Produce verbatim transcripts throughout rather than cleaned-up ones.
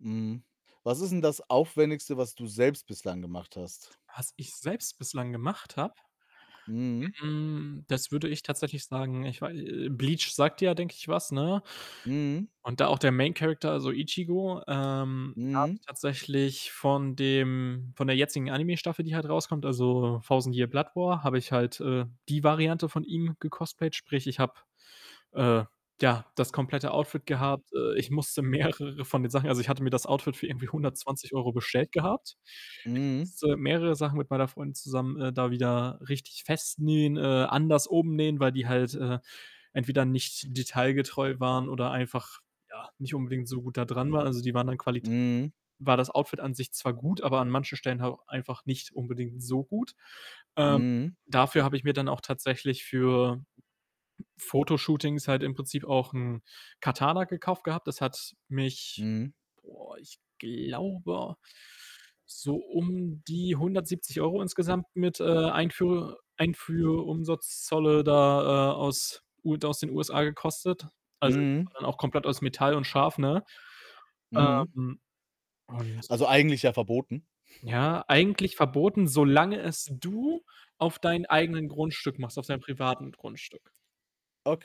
Mhm. Was ist denn das Aufwendigste, was du selbst bislang gemacht hast? Was ich selbst bislang gemacht habe, Mhm. hm, das würde ich tatsächlich sagen, ich wei äh, Bleach sagt dir ja, denke ich, was, ne, Mhm. und da auch der Main Character, also Ichigo, ähm, da habe Mhm. ich tatsächlich von dem von der jetzigen Anime-Staffel, die halt rauskommt, also, Thousand Year Blood War, habe ich halt, äh, die Variante von ihm gecostplayt. Sprich, ich habe, äh, ja, das komplette Outfit gehabt. Äh, ich musste mehrere von den Sachen also, ich hatte mir das Outfit für irgendwie hundertzwanzig Euro bestellt gehabt. Ich Mhm. musste mehrere Sachen mit meiner Freundin zusammen, äh, da wieder richtig festnähen, äh, anders umnähen, weil die halt, äh, entweder nicht detailgetreu waren oder einfach, ja, nicht unbedingt so gut da dran waren. Also, die waren an Qualit Mhm. war das Outfit an sich zwar gut, aber an manchen Stellen halt einfach nicht unbedingt so gut. Ähm, Mhm. dafür habe ich mir dann auch tatsächlich für Fotoshootings halt im Prinzip auch 'n Katana gekauft gehabt. Das hat mich, Mhm. boah, ich glaube so um die hundertsiebzig Euro insgesamt mit, äh, Einführ Einführumsatzolle da, äh, aus u aus den USA gekostet. Also, das war Mhm. dann auch komplett aus Metall und scharf, ne? Mhm. Ähm, und Also, eigentlich ja verboten. ja, eigentlich verboten, solange es du auf deinem eigenen Grundstück machst, auf deinem privaten Grundstück.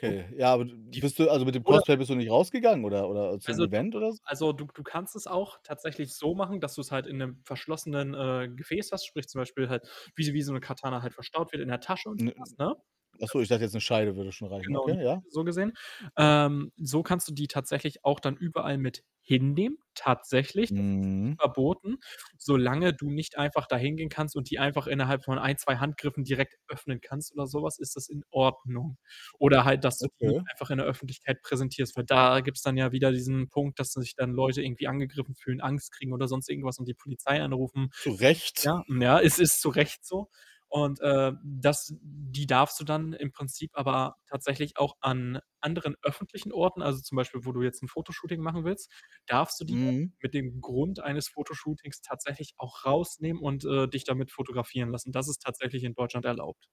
So. ja, aber d d Die f bist du also, mit dem oder Cosplay [unintelligible] bist du nicht rausgegangen oder oder zu 'nem also doch, Event doch, oder doch so? also du k du kannst es auch tatsächlich so machen, dass du's halt in 'nem verschlossenen, äh, Gefäß hast, sprich zum Beispiel halt wie s wie so 'ne Katana halt verstaut wird in der Tasche und so was, [unintelligible] ne? Das du dann Achso, ich dachte jetzt, 'ne Scheide würde schon reichen, Genau, okay, [unintelligible] ja. so gesehen. Ähm, so kannst du die tatsächlich auch dann überall mit hinnehmen. Tatsächlich, das ist nicht Mhm. verboten. Solange du nicht einfach da hingehen kannst und die einfach innerhalb von ein, zwei Handgriffen direkt öffnen kannst oder so was, ist das in Ordnung. Oder halt, dass du die nicht Okay. einfach in der Öffentlichkeit präsentierst, weil da gibt's dann ja wieder diesen Punkt, dass sich dann Leute irgendwie angegriffen fühlen, Angst kriegen oder sonst irgendwas und die Polizei anrufen. Zu Recht? Ja, ja, es ist zu Recht so, und, äh, das die darfst du dann im Prinzip aber tatsächlich auch an anderen öffentlichen Orten also, zum Beispiel, wo du jetzt 'n Fotoshooting machen willst, darfst du die dann Mhm. mit dem Grund eines Fotoshootings tatsächlich auch rausnehmen und, äh, dich damit fotografieren lassen. Das ist tatsächlich in Deutschland erlaubt.